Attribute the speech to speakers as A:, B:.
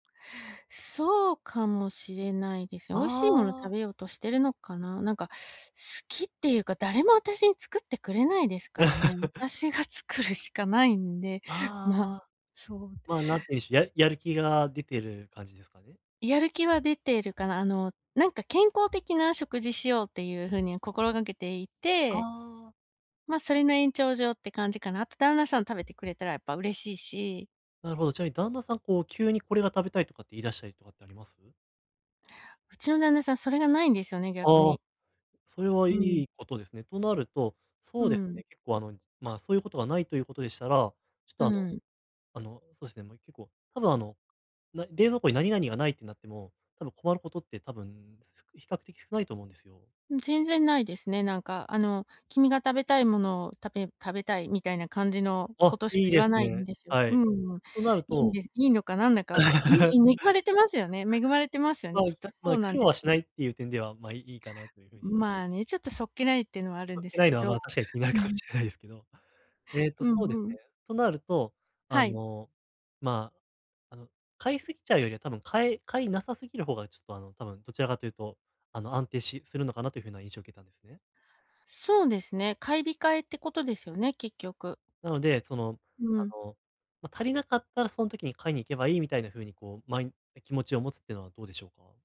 A: そうかもしれないです。美味しいもの食
B: ああ。
A: べようとしてるのかな。なんか、好きっていうか、誰も私に作ってくれないですからね。私が作るしかないんで、ま、
B: ああ、
A: そうで
B: ま、何て言うんでしょう、やるやる気が出てる感じですかね。
A: やる気は出ているかな、あの、なんか、健康的な食事しようっていう風に心がけてい
B: あ
A: て
B: あ。
A: ま、それの延長上って感じかな。あと旦那さん食べてくれたらやっぱ嬉しいし。
B: なるほど。ちなみに旦那さん、こう、急にこれが食べたいとかって言い出したりとかってあります？
A: うちの旦那さん、それが無いんですよね、逆
B: ああ、
A: に。
B: それはい
A: うん。
B: いことですね。となると、
A: う
B: そうです
A: ん。
B: ね、結構、あの、ま、そういうことがないということでしたら、ちょっ
A: う
B: と、あの
A: ん。
B: あの、そうですね、もう結構、多分、あの、な冷蔵庫に何々がないってなっても、多分困ることって、多分比較的少ないと思うんですよ。
A: うん、全然ないですね、なんか、あの、君が食べたいものを食べ食べたいみたいな感じの
B: あ
A: こ
B: っ、
A: とし
B: い
A: か
B: い
A: 言
B: で
A: わ
B: す
A: ないん
B: ね。
A: ですよ。
B: は
A: うん
B: い。
A: うん、
B: となる
A: いいん
B: と
A: でいいのかなんだか、い いん恵まれてますよね。恵まれてますよ
B: ま、
A: ね、きっと。そ
B: ま、
A: うなん
B: 苦労
A: で
B: は
A: す
B: し
A: けど。
B: ないっていう点では、ま、いいいいかなという風に
A: んまあね、ちょっとそっけないっていうのはあるん
B: そっ
A: で
B: け
A: す
B: ない
A: け
B: のは、
A: ど、
B: ま、確かに気になる
A: う
B: かもし
A: ん。
B: れないですね。えっと、
A: う
B: そうです
A: んうん。
B: ね。となると、あ
A: はい。
B: の、ま、あの、買いすぎちゃうよりは多分買い買いなさすぎる方が、ちょっと、あの、多分、どちらかというと、あの、安定しするのかなという風な印象を受けたんですね。
A: そうですね、買い控えってことですよね、結局。
B: なので、その、
A: う
B: あ
A: ん。
B: の、ま、足りなかったらその時に買いに行けばいいみたいな風に、こう、まい気持ちを持つっていうのはどうでしょうか？